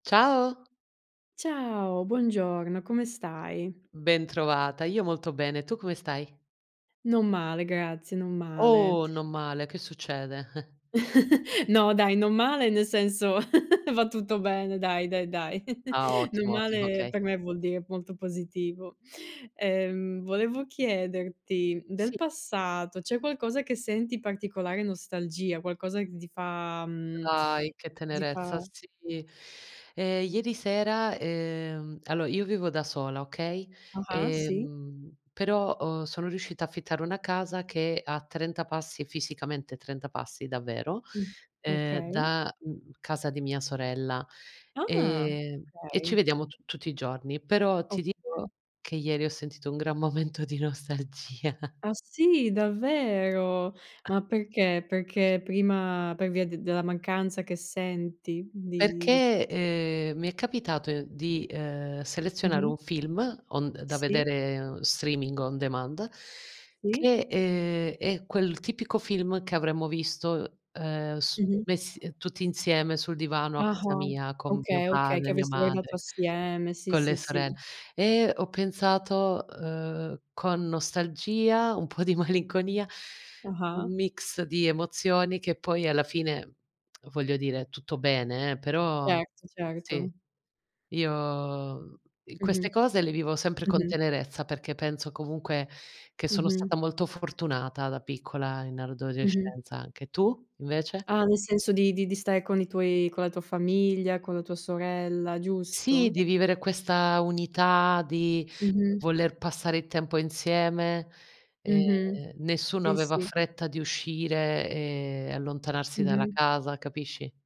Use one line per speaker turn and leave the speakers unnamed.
Ciao.
Ciao, buongiorno, come stai?
Bentrovata, io molto bene. Tu come stai?
Non male, grazie, non male.
Oh! Non male, che succede?
No dai, non male, nel senso va tutto bene dai, dai, dai.
Ah
Non
ottimo, ottimo
male
okay.
per me vuol dire molto positivo. Ehm, volevo chiederti del
Sì.
passato, c'è qualcosa che senti particolare nostalgia? Qualcosa che ti fa, mhmm,
Dai che
ti fa
tenerezza sì. Ehm, ieri sera, ehm allo io vivo da sola, okay,
Ah-ah sì.
ehm, però ho sono riuscita affittare una casa che a 30 passi, fisicamente 30 passi, davvero,
Mh,
ehm,
okay.
da, mhmm, casa di mia sorella,
Ah!
ehm, e ci
Okay.
vediamo tu tutti i giorni. Però ti dico
Okay.
che ieri ho sentito un gran momento di nostalgia.
Ah sì, davvero? Ma perché, perché prima per via d della mancanza che senti di di
Perché, ehm, mi è capitato di, ehm selezionare
Mh-mh.
un film on d da
Sì.
vedere, streaming, on demand,
Sì.
che, ehm, è quel tipico film che avremmo visto, ehm, su
Mh-mh.
messi, ehm, tutti insieme sul divano a casa
Ah-ah
mia con mio
okay, okay, che
padre, mio
avreste guardato
madre,
assieme, sì,
con
sì,
le
sì.
sorell e ho pensato, uhm, con nostalgia, un po' di malinconia,
Ah-ah.
un mix di emozioni, che poi alla fine, voglio dire tutto bene, eh, però
Certo,
sì,
certo.
io i
Mh-mh.
queste cose le vivo sempre con
Mh-mh.
tenerezza perché penso comunque che sono
Mh-mh.
stata molto fortunata da piccola in
Mh-mh.
adolescenza anche, tu invece?
Ah nel senso di di di stare con i tuoi con la tua famiglia, con la tua sorella,
Sì,
giusto?
di vivere questa unità, di
Mh-mh.
voler passare il tempo insieme.
Mh-mh.
Ehm, nessuno
Sì,
aveva
sì.
fretta di uscire e allontanarsi dalla
Mh-mh.
casa, capisci?